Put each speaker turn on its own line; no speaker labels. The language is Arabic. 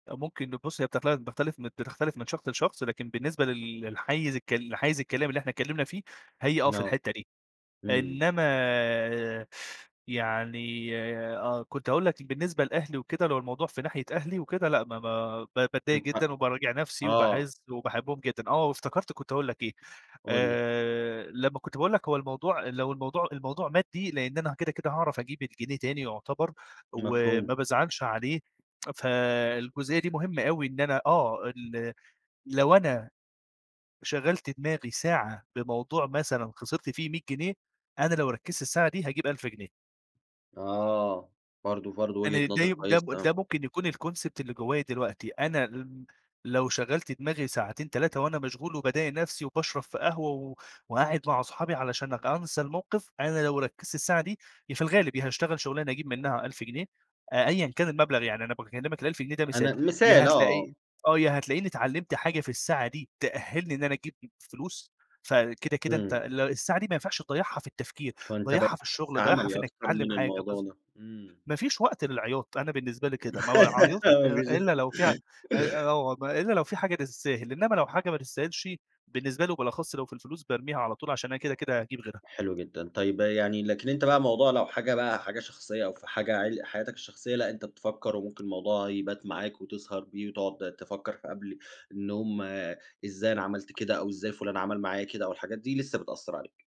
آآ، ممكن بُص، هي بتل بتختلف بتختلف من شخص لشخص لكن بالنسبة لل للحييز الك للحيز الكلام اللي إحنا اتكلّمنا فيه، هي آه في
آه.
الحتّة دي،
إمم.
إنّما يعني آه. كنت هاقول لك بالنسبة لأهلي وكده لو الموضوع في ناحية أهلي وكده لأ، ما ما ب
من
باتضايق جدًا
حقّك.
وباراجع نفسي
آه.
وباحِس وباحبّهم جدًا، آه. وافتكرت كنت هاقول لك إيه،
قُل لي.
آآ لمّا كنت باقول لك هو الموضوع لو الموضوع الموضوع مادِّي لإن أنا كده، كده هاعرف أجيب الجنيه تاني يعتبر
مفهوم.
وما بازعلش عليه، فالجزئية دي مهمة أوي إن أنا آه، ال لو أنا شغّلت دماغي ساعة بموضوع مثلًا خسرت فيه 100 جنيه، أنا لو ركّزت الساعة دي هاجيب 1000 جنيه.
آه. برضه برضه وجهة
أنا ده
نظر
ي ده
كويسة،
م
آه.
ده ممكن يكون الconcept اللي جوّايا دلوقتي. أنا ل لو شغّلت دماغي ساعتين، 3 وأنا مشغول وباضايق نفسي وباشرب في قهوة و وقاعد مع صحابي علشان ك أنسى الموقف، أنا لو ركّزت الساعة دي، يا في الغالب يا هاشتغل شُغلانة أجيب منها 1000 جنيه أ أيًا كان المبلغ، يعني أنا باكلّمك ال1000 جنيه ده مثال.
أنا
يا
مثال آه، آه.
هتلاقي آه. يا هتلاقيني اتعلّمت حاجة في الساعة دي تأهِّلني إن أنا أجيب م فلوس فكده، كده أنت
إمم.
ال الساعة دي ما ينفعش تضيّعها في التفكير،
فأنت بقيت
ضيّعها في
شخص
الشغل، ضيّعها
عملي
في إنّك
أكتر
تتعلّم
من
حاجة بالض
الموضوع ده. إمم.
ما فيش وقت للعياط، أنا بالنسبة لي كده، ما باعيّطش
أهو مفيش
أ إلّا لو في أ أ
[unintelligible]
أو إلّا لو في حاجة تستاهل، إنّما لو حاجة ما تستاهلش بالنسبة لي وبالأخص لو في الفلوس، بارميها على طول عشان أنا كده، كده هاجيب غيرها.
حلو جدًا. طيّب يعني لكن أنت بقى موضوع لو حاجة بقى، حاجة شخصية أو في حاجة عل حياتك الشخصية، لأ، أنت بتفكّر وممكن الموضوع يبات معاك وتسهر بيه وتقعد تفكّر في قبل إن هم إزاي أنا عملت كده أو إزاي فُلان عمل معايا كده أو الحاجات دي لسّه بتأثّر عليك.